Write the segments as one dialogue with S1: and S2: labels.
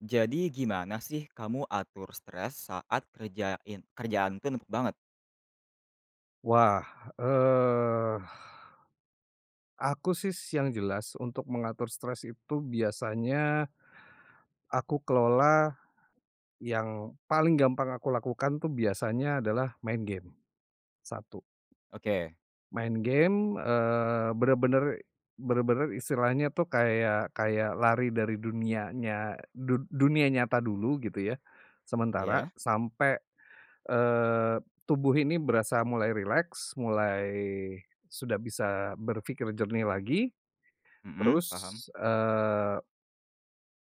S1: Jadi gimana sih kamu atur stres saat kerjain kerjaan tuh numpuk banget?
S2: Wah! Eee, aku sih yang jelas untuk mengatur stres itu biasanya, aku kelola, yang, paling gampang aku lakukan tuh biasanya adalah main game. 1.
S1: Oke.
S2: Main game, eee, benar benar, benar benar istilahnya tuh kayak kayak lari dari dunianya du dunia nyata dulu gitu ya, sementara,
S1: Iya.
S2: sampai, eee, tubuh ini berasa mulai rileks, mulai, sudah bisa berfikir jernih lagi.
S1: Mhm,
S2: Terus,
S1: paham.
S2: eee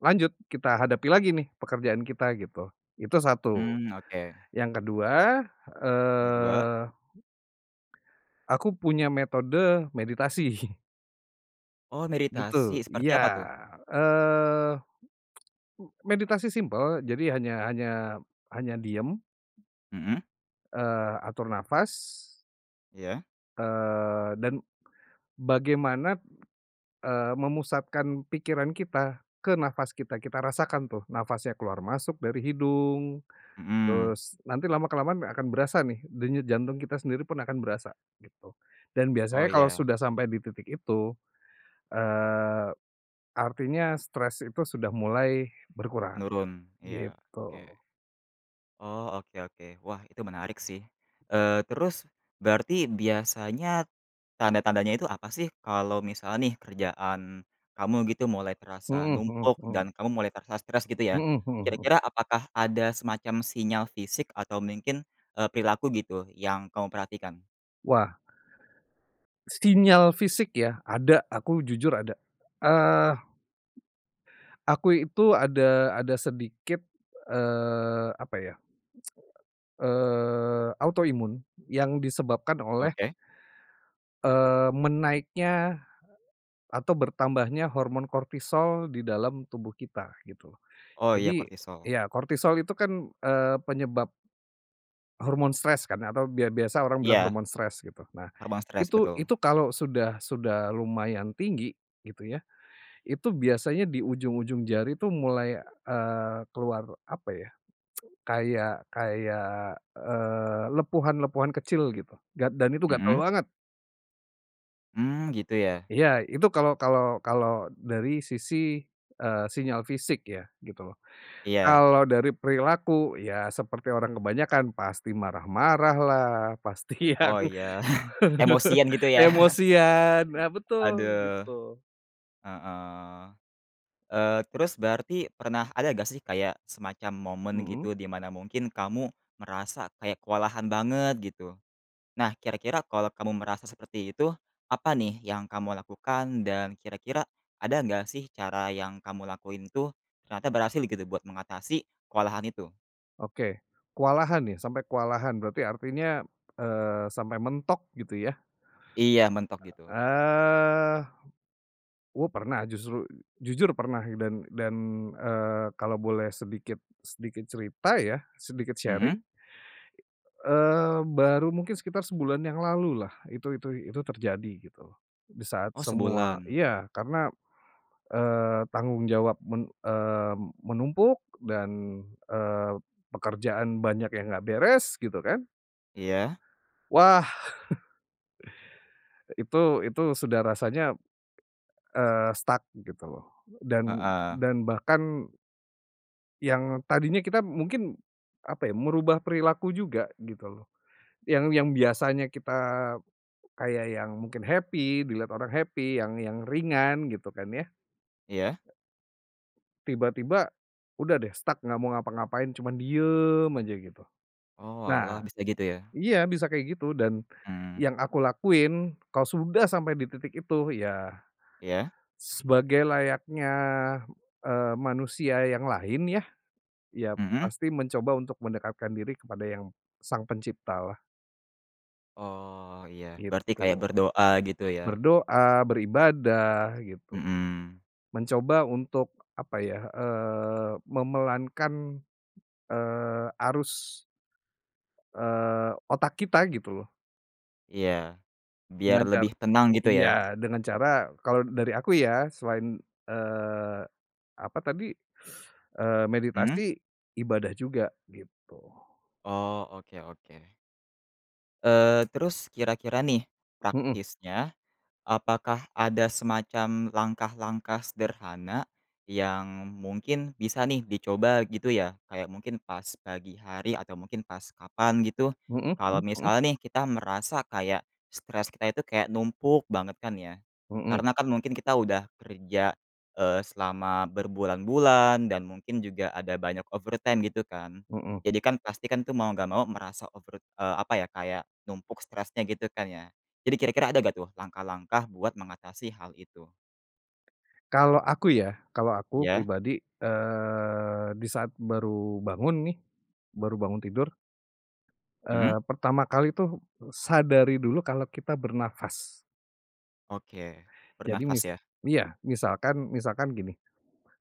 S2: lanjut kita hadapi lagi nih, pekerjaan kita gitu. Itu 1.
S1: Mmm, oke.
S2: Yang ke-2,
S1: Yang ke-2?
S2: eee aku punya metode, meditasi.
S1: Oh,
S2: Gitu,
S1: meditasi, seperti
S2: iya.
S1: apa tuh?
S2: Eee meditasi simpel, jadi hanya hanya hanya diam
S1: Mhm.
S2: eee, atur nafas
S1: Iya.
S2: eee, dan bagaimana, eee, memusatkan pikiran kita, ke nafas kita, kita rasakan tuh nafasnya keluar masuk dari hidung,
S1: Mhm.
S2: terus, nanti lama-kelamaan akan berasa nih, denyut jantung kita sendiri pun akan berasa, gitu. Dan
S1: Oh,
S2: biasanya kalau
S1: ya.
S2: sudah sampai di titik itu. Eee, artinya stres itu sudah mulai berkurang,
S1: Menurun. Iya, oke.
S2: gitu.
S1: Oh, oke oke. Wah! Itu menarik sih. Eee, terus, berarti biasanya, tanda-tandanya itu apa sih? Kalau misal nih, kerjaan, kamu gitu mulai terasa
S2: Mhm mhm
S1: numpuk,
S2: mhm.
S1: dan kamu mulai terasa stress gitu ya,
S2: Mhm mhm mhm.
S1: kira-kira apakah ada semacam sinyal fisik atau mungkin, eee, perilaku gitu, yang kamu perhatikan?
S2: Wah! Sinyal fisik ya? Ada, aku jujur ada, eee, aku itu ada ada sedikit, eee, apa ya, eee, auto-imun yang disebabkan oleh
S1: Oke.
S2: eee, menaiknya, atau bertambahnya hormon kortisol di dalam tubuh kita gitu.
S1: Oh, iya
S2: Jadi,
S1: kortisol.
S2: ya kortisol itu kan, eee, penyebab hormon stres kan atau bia biasa orang bilang
S1: Iya.
S2: hormon stres gitu. Nah,
S1: Hormon stres,
S2: itu
S1: betul.
S2: itu kalo sudah sudah lumayan tinggi, gitu ya, itu biasanya di ujung-ujung jari tuh mulai, eee, keluar apa ya, kayak kayak, eee, lepuhan-lepuhan kecil gitu, dan dan itu gatel
S1: Mhm.
S2: banget.
S1: Mmm, gitu ya.
S2: Iya, itu kalau kalau kalau dari sisi, eee, sinyal fisik ya, gitu loh.
S1: Iya.
S2: Kalau dari perilaku, ya seperti orang kebanyakan, pasti marah-marah lah, pasti yang
S1: Oh iya, emosian gitu ya?
S2: emosian, nah, betul,
S1: Aduh!
S2: gitu.
S1: Heeh. Eee, terus berarti pernah ada nggak sih, kayak semacam momen
S2: Mhm.
S1: gitu, di mana mungkin kamu merasa kayak kewalahan banget gitu? Nah, kira-kira kalau kamu merasa seperti itu, apa nih yang kamu lakukan, dan kira-kira, ada enggak sih cara yang kamu lakuin itu, ternyata berhasil gitu buat mengatasi, kewalahan itu?
S2: Oke, kewalahan ya? Sampe kewalahan berarti artinya, eee, sampe mentok gitu ya?
S1: Iya, mentok gitu.
S2: Eee, oh, pernah justru jujur pernah, dan dan, eee, kalau boleh sedikit sedikit cerita ya, sedikit
S1: Mhm.
S2: sharing. Eee, baru mungkin sekitar sebulan yang lalu lah itu itu itu terjadi gitu, di saat
S1: Oh,
S2: semua
S1: sebulan?
S2: iya, karena, eee, tanggung jawab men eee, menumpuk, dan, eee, pekerjaan banyak yang enggak beres, gitu kan.
S1: Iya.
S2: Wah! Itu itu sudah rasanya, eee, stuck gitu loh, dan
S1: Heeh.
S2: dan bahkan yang tadinya kita mungkin, apa ya, merubah perilaku juga, gitu loh. Yang yang biasanya kita kayak yang mungkin happy, dilihat orang happy, yang yang ringan gitu kan ya.
S1: Iya.
S2: Tiba-tiba, udah deh stuck nggak mau ngapa-ngapain, cuman diem aja gitu.
S1: Oalah,
S2: Nah,
S1: bisa gitu ya?
S2: iya bisa kayak gitu, dan,
S1: Mmm.
S2: yang aku lakuin, kalau sudah sampai di titik itu, ya,
S1: Iya.
S2: sebagai layaknya, eee, manusia yang lain ya, ya
S1: Mhm.
S2: pasti mencoba untuk mendekatkan diri kepada yang Sang Pencipta lah.
S1: Oh, iya. Berarti
S2: Gitu.
S1: kayak berdoa gitu ya?
S2: Berdoa, beribadah, gitu.
S1: Mhm.
S2: Mencoba untuk, apa ya, eee, memelankan, eee, arus. Eee, otak kita gitu loh.
S1: Iya, biar
S2: Dengan car
S1: lebih tenang gitu ya?
S2: iya, dengan cara, kalau dari aku ya, selain, eee, apa tadi, eee,
S1: Mmm?
S2: meditasi, ibadah juga, gitu.
S1: Oh, oke oke. Eee, terus kira-kira nih,
S2: Mhm.
S1: praktisnya, apakah ada semacam langkah-langkah sederhana, yang, mungkin bisa nih, dicoba gitu ya? Kayak mungkin pas pagi hari atau mungkin pas kapan gitu?
S2: Mhm, mmm,
S1: Kalau
S2: mhm.
S1: misalnya nih kita merasa kayak stres kita itu kayak numpuk banget kan ya?
S2: Mhm.
S1: Karena kan mungkin kita udah kerja, eee, selama berbulan-bulan dan mungkin juga ada banyak over time gitu kan?
S2: Mhm.
S1: Jadi kan, pasti kan tuh mau nggak mau merasa over eee, apa ya? Kayak numpuk stresnya gitu kan ya? Jadi kira-kira ada gak tuh langkah-langkah buat mengatasi hal itu?
S2: Kalau aku ya, kalau aku
S1: Iya.
S2: pribadi, eee, di saat baru bangun nih, baru bangun tidur,
S1: Hmm.
S2: eee, pertama kali tuh, sadari dulu kalau kita bernafas.
S1: Oke,
S2: Jadi mis
S1: bernafas ya?
S2: iya misalkan misalkan gini,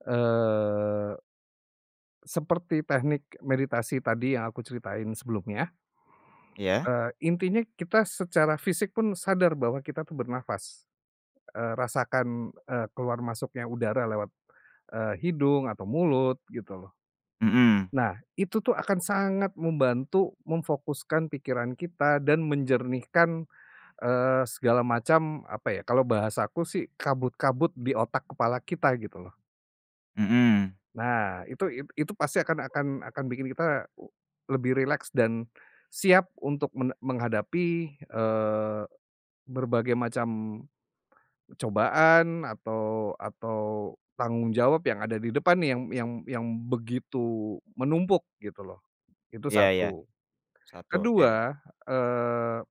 S2: eee seperti teknik meditasi tadi yang aku ceritain sebelumnya.
S1: Iya.
S2: Eee, intinya kita secara fisik pun sadar bahwa kita tuh bernafas. Eee, rasakan, eee, keluar masuknya udara lewat, eee, hidung atau mulut gitu loh.
S1: Mhm.
S2: Nah, itu tuh akan sangat membantu memfokuskan pikiran kita dan menjernihkan, eee, segala macam, apa ya, kalau bahasa aku sih kabut-kabut di otak kepala kita gitu loh.
S1: Mhm.
S2: Nah, itu it itu pasti akan akan akan bikin kita, lebih rileks, dan, siap untuk men menghadapi, eee, berbagai macam cobaan atau atau tanggung jawab yang ada di depan nih yang yang yang begitu menumpuk gitu loh, itu
S1: Iya iya,
S2: 1.
S1: 1, oke.
S2: Ke-2, eee,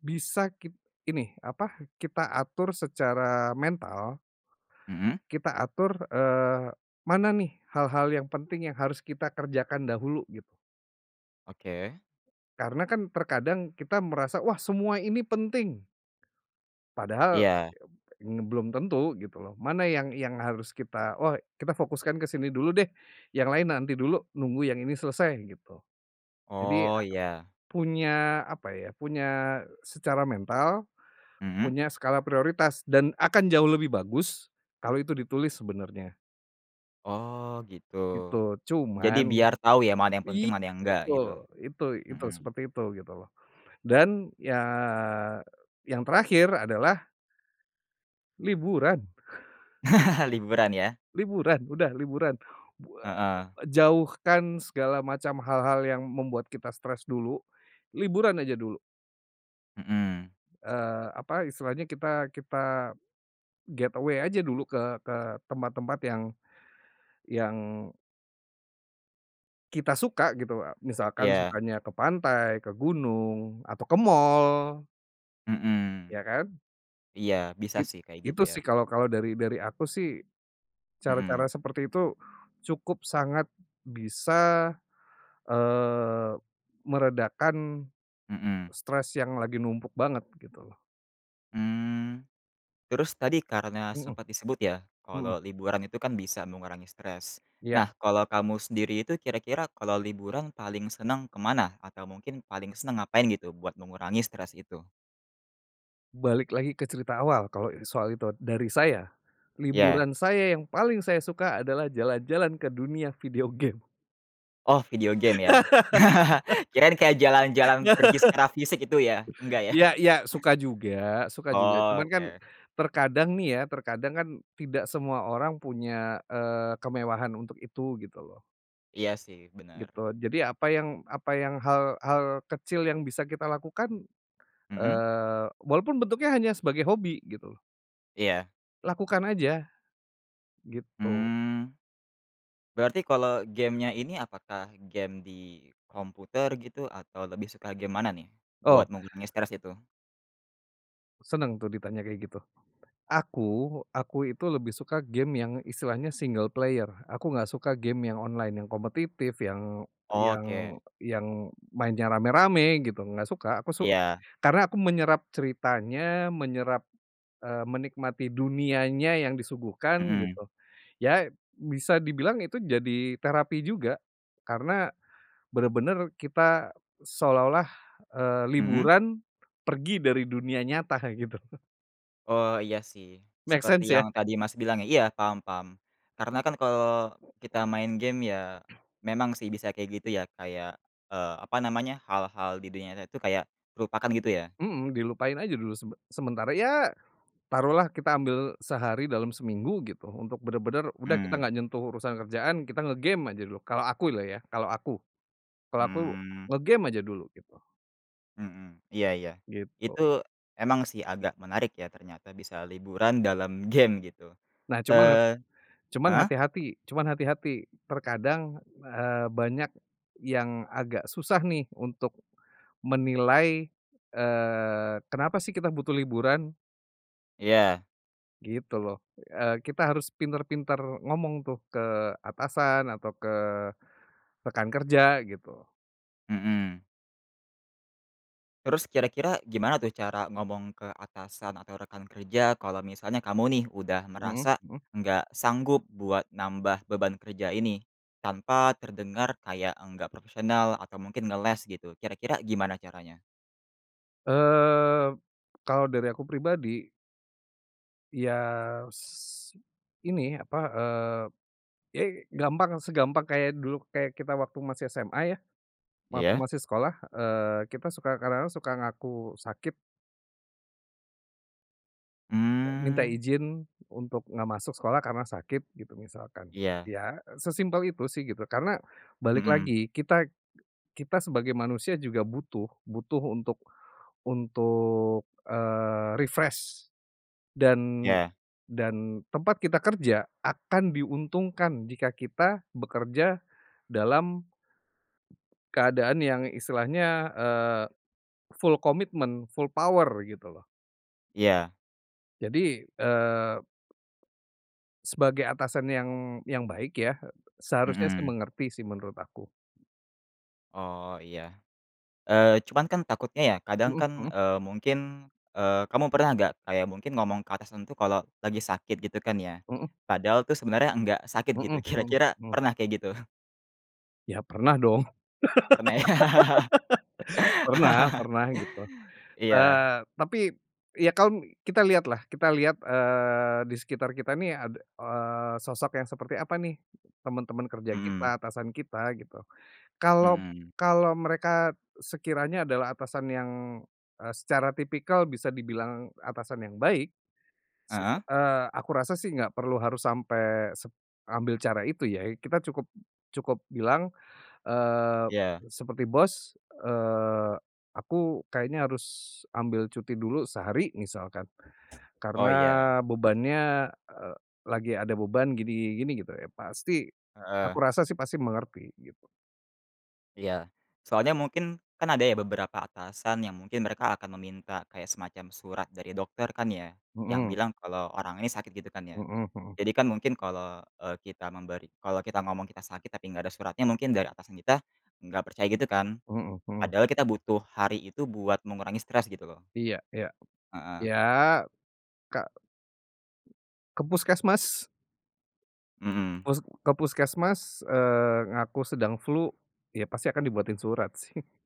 S2: bisa kit ini, apa, kita atur secara mental.
S1: Mhm.
S2: Kita atur, eee, mana nih hal-hal yang penting yang harus kita kerjakan dahulu, gitu.
S1: Oke.
S2: Karena kan terkadang kita merasa, wah, semua ini penting. Padahal
S1: Iya.
S2: ya, m belum tentu, gitu loh. Mana yang yang harus kita oh, kita fokuskan ke sini dulu deh, yang lain nanti dulu, nunggu yang ini selesai, gitu. Jadi,
S1: Oh, iya.
S2: punya, apa ya, punya secara mental,
S1: Mhm.
S2: punya skala prioritas dan akan jauh lebih bagus kalau itu ditulis sebenarnya.
S1: Oh, gitu.
S2: Gitu.
S1: Jadi
S2: Cuman
S1: biar tau ya mana yang penting
S2: iya
S1: mana yang enggak
S2: betul!
S1: gitu?
S2: Itu itu
S1: Mhm.
S2: seperti itu gitu loh. Dan, ya, yang terakhir adalah liburan!
S1: Liburan ya?
S2: Liburan, udah liburan. Bu eee,
S1: Heeh.
S2: jauhkan segala macam hal-hal yang membuat kita stres dulu, liburan aja dulu.
S1: Mhm.
S2: Eee, apa istilahnya, kita kita, get away aja dulu ke ke tempat-tempat yang yang kita suka gitu loh. Misalkan
S1: Iya.
S2: sukanya ke pantai, ke gunung, atau ke mall.
S1: Mhm.
S2: Iya kan?
S1: Iya, bisa
S2: It
S1: sih kayak gitu
S2: itu
S1: ya.
S2: sih kalau kalau, dari dari aku sih,
S1: Mhm.
S2: cara-cara seperti itu, cukup sangat bisa, eee, meredakan,
S1: Mhm.
S2: stres yang lagi numpuk banget gitu loh.
S1: Mmm. Terus tadi karena
S2: Mhm
S1: sempat disebut ya,
S2: mhm.
S1: kalau liburan itu kan bisa mengurangi stres.
S2: Iya.
S1: Nah, kalau kamu sendiri itu kira-kira kalau liburan paling senang ke mana? Atau mungkin paling senang ngapain gitu, buat mengurangi stres itu?
S2: Balik lagi ke cerita awal, kalo ini soal itu. Dari saya,
S1: Iya.
S2: liburan saya yang paling saya suka adalah jalan-jalan ke dunia video game.
S1: Oh video game ya? Kirain kayak jalan-jalan pergi secara fisik gitu ya, enggak ya?
S2: Iya iya suka juga suka juga.
S1: Oh.
S2: Cuman kan,
S1: Oke.
S2: terkadang nih ya, terkadang kan, tidak semua orang punya, eee, kemewahan untuk itu, gitu loh.
S1: Iya sih, benar.
S2: Gitu. Jadi apa yang apa yang hal hal kecil yang bisa kita lakukan,
S1: Mhm?
S2: eee, walaupun bentuknya hanya sebagai hobi, gitu loh
S1: Iya.
S2: lakukan aja! Gitu.
S1: Mmm, berarti kalau game-nya ini apakah game di komputer gitu, atau lebih suka game mana nih,
S2: Oh.
S1: buat mengurangi stres itu?
S2: Senang tuh ditanya kayak gitu. Aku, aku itu lebih suka game yang istilahnya single player, aku nggak suka game yang online yang kompetitif, yang yang
S1: Oke.
S2: yang mainnya rame-rame gitu, nggak suka aku su
S1: Iya.
S2: karna aku menyerap ceritanya, menyerap eee, menikmati dunianya yang disuguhkan,
S1: Mhm.
S2: gitu. Ya, bisa dibilang itu jadi terapi juga. Karena, benar-benar kita, seolah-olah, eee,
S1: Mhm?
S2: liburan, pergi dari dunia nyata, kaya gitu.
S1: Oh, iya sih,
S2: Make
S1: seperti
S2: sense ya?
S1: yang tadi Mas bilang ya? Iya, paham paham. Karena kan kalau kita main game ya, memang sih bisa kayak gitu ya kayak, eee, apa namanya, hal-hal di dunia nyata itu kayak, terlupakan gitu ya?
S2: Mhm, dilupain aja dulu sebe sementara. Ya, taruh lah kita ambil sehari dalam seminggu gitu, untuk benar-benar, udah kita
S1: Mmm.
S2: nggak nyentuh urusan kerjaan kita nge-game aja dulu. Kalau aku loh ya, kalau aku. Kalau aku
S1: Mmm.
S2: nge-game aja dulu gitu.
S1: Mhm, iya iya. Itu,
S2: Gitu.
S1: emang sih agak menarik ya ternyata bisa liburan dalam game gitu.
S2: Nah cuman
S1: Eee
S2: cuman
S1: heeh?
S2: hati-hati cuman hati-hati. Terkadang, eee, banyak yang agak susah nih, untuk, menilai, eee, kenapa sih kita butuh liburan?
S1: Iya.
S2: Gitu loh. Eee, kita harus pintar-pintar ngomong tuh ke atasan, atau ke rekan kerja gitu.
S1: Mhm. Terus kira-kira gimana tuh cara ngomong ke atasan atau rekan kerja kalau misalnya kamu nih, udah
S2: Mhm
S1: merasa,
S2: mhm.
S1: nggak sanggup buat nambah beban kerja ini? Tanpa terdengar kayak nggak profesional atau mungkin ngeles gitu, kira-kira gimana caranya?
S2: Eee, kalau dari aku pribadi ya s ini, apa, eee, ya gampang, segampang kayak dulu, kayak kita waktu masih SMA ya. Waktu
S1: Iya?
S2: masih sekolah, eee, kita suka kadang-kadang suka ngaku sakit. Minta
S1: Mmm.
S2: izin, untuk nggak masuk sekolah karena sakit, gitu misalkan.
S1: Iya.
S2: Ya, sesimpel itu sih gitu, karena, balik
S1: Mhm.
S2: lagi, kita kita sebagai manusia juga butuh, butuh untuk untuk, eee, refresh. Dan
S1: Iya.
S2: dan tempat kita kerja, akan diuntungkan jika kita bekerja dalam keadaan yang istilahnya, eee, full commitment, full power gitu loh.
S1: Iya.
S2: Jadi, eee, sebagai atasan yang yang baik ya. Seharusnya sih,
S1: Mhm.
S2: mengerti sih menurut aku.
S1: Oh, iya. Eee cuman kan takutnya ya, kadang
S2: Mhm
S1: kan,
S2: mhm.
S1: eee, mungkin eee, kamu pernah nggak, kayak mungkin ngomong ke atasan itu kalau lagi sakit gitu kan ya,
S2: Mhm.
S1: padahal tuh sebenarnya nggak sakit gitu,
S2: Mhm mhm,
S1: kira-kira
S2: hmm.
S1: pernah kayak gitu?
S2: Ya pernah dong.
S1: Pernah ya?
S2: Pernah pernah gitu.
S1: Iya.
S2: Eee, tapi, ya kan, kita lihat lah, kita lihat, eee, di sekitar kita nih ada eee, sosok yang seperti apa nih? Teman-teman kerja
S1: Mmm.
S2: kita, atasan kita, gitu. Kalau
S1: Mmm.
S2: kalau mereka, sekiranya adalah atasan yang, eee, secara tipikal bisa dibilang atasan yang baik. Se se
S1: Heeh?
S2: eee, aku rasa sih nggak perlu harus sampai seb ambil cara itu ya. Ya kita cukup cukup bilang, eee,
S1: Iya.
S2: seperti, "Bos, eee, aku kayaknya harus ambil cuti dulu sehari." Misalkan.
S1: Oh,
S2: Karena
S1: iya.
S2: bebannya, eee, lagi ada beban gini gini gini, gitu ya. Pasti, aku
S1: Heeh.
S2: rasa sih pasti mengerti, gitu.
S1: Iya. Soalnya mungkin, kan ada ya beberapa atasan yang mungkin mereka akan meminta kayak semacam surat dari dokter kan ya? Yang
S2: Mhm.
S1: bilang kalau orang ini sakit gitu kan ya?
S2: Mhm mhm.
S1: Jadi kan mungkin kalau, eee, kita memberi kalau kita ngomong kita sakit tapi nggak ada suratnya mungkin dari atasan kita, nggak percaya gitu kan?
S2: Mhm mhm.
S1: Padahal kita butuh hari itu buat mengurangi stres gitu loh.
S2: Iya iya. Iya,
S1: Heeh.
S2: kak ke puskesmas!
S1: Mmm.
S2: Pus ke puskesmas, eee, ngaku sedang flu. Ya pasti akan di buatin surat sih.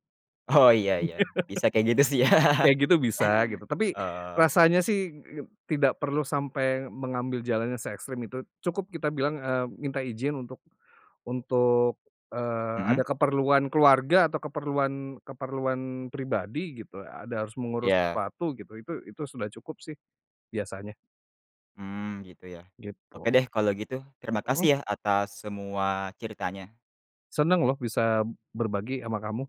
S1: Oh, iya iya. Bisa kayak gitu sih ya.
S2: Kayak gitu bisa, gitu. Tapi,
S1: Oh.
S2: rasanya sih tidak perlu sampai mengambil jalannya seekstrim itu. Cukup kita bilang, eee, minta izin untuk untuk, eee,
S1: Mhm?
S2: ada keperluan keluarga atau keperluan keperluan pribadi gitu. Ada harus mengurus
S1: Iya.
S2: sesuatu, gitu. Itu itu sudah cukup sih, biasanya.
S1: Mmm. Gitu ya? Oke
S2: Gitu.
S1: deh kalau gitu. Terima
S2: Mhm.
S1: kasih ya atas semua ceritanya.
S2: Senang loh bisa berbagi ama kamu.